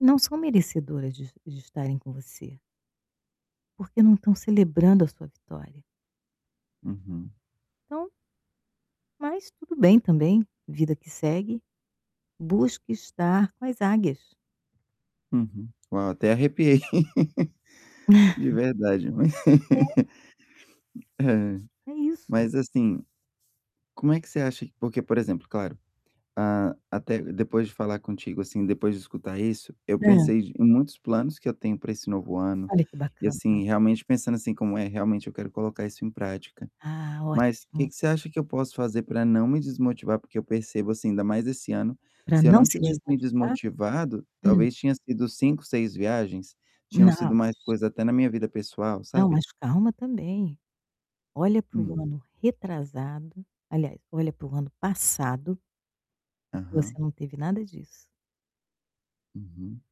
Não são merecedoras de de estarem com você. Porque, não estão celebrando a sua vitória. Uhum. Então Mas tudo bem, também. Vida que segue, busque estar com as águias. Uhum. Uau, até arrepiei. De verdade. Ma É. ai. É isso. Mas, assim, como é que você acha porque, por exemplo, claro, a até depois de falar contigo, assim, depois de escutar isso, eu Hã. pensei de em muitos planos que eu tenho para esse novo ano. Olha, que E assim, bacana. realmente pensando assim, como é, realmente eu quero colocar isso em prática. Ah, Mas o que ótimo. que você acha que eu posso fazer para não me desmotivar, porque eu percebo, assim, ainda mais esse ano, Pra se eu não não se tivesse me desmotivar? desmotivado, Hum. talvez tinham sido 5, 6 viagens? Tinham Não, sido mais mas coisas até na minha vida pessoal, Não, sabe? mas calma, também. Olha para Hum. o ano retrasado. Aliás, olha para o ano passado que Aham. você não teve nada disso. Uhum.